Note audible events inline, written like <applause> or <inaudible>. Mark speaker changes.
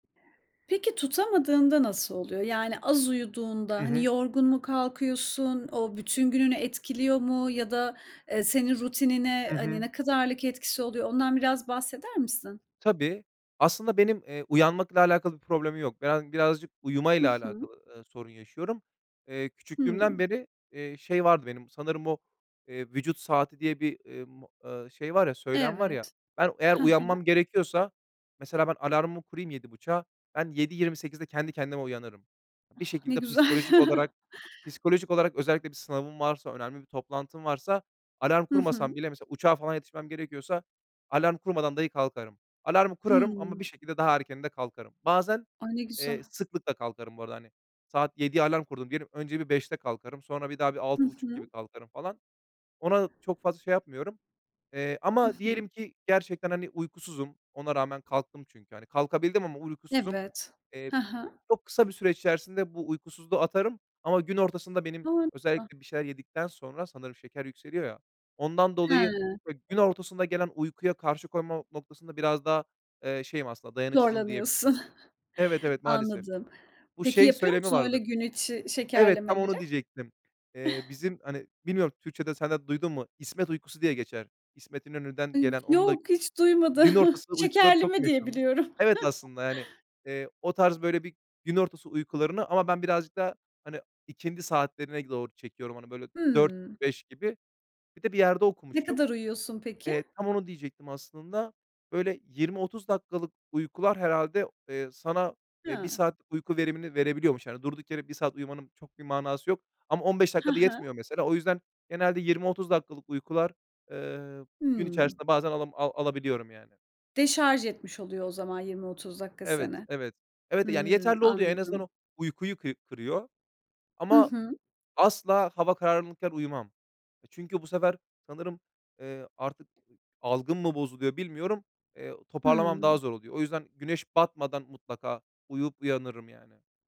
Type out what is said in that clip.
Speaker 1: Peki tutamadığında nasıl oluyor? Yani, az
Speaker 2: Hı
Speaker 1: uyuduğunda, hani,
Speaker 2: hı.
Speaker 1: yorgun mu kalkıyorsun? O bütün gününü etkiliyor mu ya da, eee, senin rutinine,
Speaker 2: Hı
Speaker 1: hani,
Speaker 2: hı.
Speaker 1: ne kadarlık etkisi oluyor? Ondan biraz bahseder misin?
Speaker 2: Tabii, aslında benim, eee, uyanmakla alakalı bir problemim yok. <unintelligible> Birazcık
Speaker 1: Hı
Speaker 2: uyumayla
Speaker 1: hı.
Speaker 2: alakalı, eee, sorun yaşıyorum. Eee,
Speaker 1: Hı.
Speaker 2: küçüklüğümden beri, eee, şey vardı benim sanırım, o, eee, vücut saati diye bir, emm, aaa, şey var ya, söylem var ya.
Speaker 1: Evet.
Speaker 2: Ben eğer
Speaker 1: Hı hı.
Speaker 2: uyanmam gerekiyorsa, mesela ben alarmımı kurayım 07.30'a, ben 07.28'de kendi kendime uyanırım.
Speaker 1: Ah,
Speaker 2: Bir
Speaker 1: ne
Speaker 2: şekilde
Speaker 1: güzel.
Speaker 2: psikolojik olarak, psikolojik olarak, özellikle bir sınavım varsa, önemli bir toplantım varsa, alarm
Speaker 1: Hı hı.
Speaker 2: kurmasam bile, mesela uçağa falan yetişmem gerekiyorsa alarm kurmadan dahi kalkarım. Alarmı kurarım ama bir
Speaker 1: Hı.
Speaker 2: şekilde daha erken de kalkarım. Bazen,
Speaker 1: A, ne
Speaker 2: eee,
Speaker 1: güzel.
Speaker 2: sıklıkla kalkarım bu arada, hani. Saat 07.00'ye alarm kurdum diyelim; önce bir 05.00'de kalkarım, sonra bir daha
Speaker 1: Hı
Speaker 2: 6.30 gibi
Speaker 1: hı.
Speaker 2: kalkarım falan. Ona çok fazla şey yapmıyorum. Eee,
Speaker 1: Hı
Speaker 2: ama
Speaker 1: hı.
Speaker 2: diyelim ki gerçekten, hani, uykusuzum. Ona rağmen kalktım çünkü, hani, kalkabildim ama uykusuzum.
Speaker 1: Evet.
Speaker 2: Eee,
Speaker 1: Hı hı.
Speaker 2: çok kısa bir süre içerisinde bu uykusuzluğu atarım. Ama gün ortasında benim,
Speaker 1: <unintelligible>
Speaker 2: özellikle bir şeyler yedikten sonra, sanırım şeker yükseliyor ya, ondan dolayı
Speaker 1: Hıı.
Speaker 2: gün ortasında gelen uykuya karşı koyma noktasında biraz daha, eee, şeyim. Aslında dayanıksızım diyebilirim.
Speaker 1: Zorlanıyorsun.
Speaker 2: Evet,
Speaker 1: <chuckles>
Speaker 2: evet, maalesef.
Speaker 1: Anladım.
Speaker 2: Bu
Speaker 1: Peki,
Speaker 2: şey
Speaker 1: yapıyor
Speaker 2: söylemi
Speaker 1: musun öyle
Speaker 2: vardır.
Speaker 1: gün içi
Speaker 2: Evet, tam onu
Speaker 1: şekerlemeleri?
Speaker 2: diyecektim. Eee,
Speaker 1: <chuckles>
Speaker 2: bizim, hani, bilmiyorum Türkçede sen de duydun mu, İsmet uykusu diye geçer. İsmet
Speaker 1: A,
Speaker 2: İnönü'den gelen... Onun da
Speaker 1: yok, hiç duymadı.
Speaker 2: gün
Speaker 1: <chuckles>
Speaker 2: ortasında uykuları çok
Speaker 1: Şekerleme diye
Speaker 2: meşhurmuş.
Speaker 1: biliyorum.
Speaker 2: Evet, aslında yani,
Speaker 1: <chuckles>
Speaker 2: eee, o tarz böyle bir gün ortası uykularını ama ben birazcık da, hani, ikindi saatlerine doğru çekiyorum. Hani böyle 16.00,
Speaker 1: Hıı.
Speaker 2: 17.00 gibi. Bir de bir yerde
Speaker 1: Ne
Speaker 2: okumuştum.
Speaker 1: kadar uyuyorsun peki?
Speaker 2: Eee, tam onu diyecektim aslında. Böyle 20, 30 dakikalık uykular herhâlde, eee, sana, eee, 1
Speaker 1: Ha.
Speaker 2: saatlik uyku verimini verebiliyormuş. Hani durduk yere 1 saat uyumanın çok bir manası yok ama 15
Speaker 1: Hı
Speaker 2: dakika da
Speaker 1: hı.
Speaker 2: yetmiyor mesela. O yüzden genelde 20-30 dakikalık uykular, eee, gün
Speaker 1: Hımm.
Speaker 2: içerisinde bazen alam a alabiliyorum yani.
Speaker 1: Deşarj etmiş oluyor o zaman 20-30 dakika
Speaker 2: Evet,
Speaker 1: seni.
Speaker 2: evet. Evet yani
Speaker 1: Hmm,
Speaker 2: yeterli oluyor. En azından
Speaker 1: anladım.
Speaker 2: o uykuyu kı kırıyor.
Speaker 1: Hı
Speaker 2: Ama
Speaker 1: hı.
Speaker 2: asla hava karanlıkken uyumam. Eee, çünkü bu sefer sanırım, eee, artık ı algım mı bozuluyor bilmiyorum. Eee, toparlamam daha
Speaker 1: Hımm.
Speaker 2: zor oluyor. O yüzden güneş batmadan mutlaka uyuyup uyanırım yani.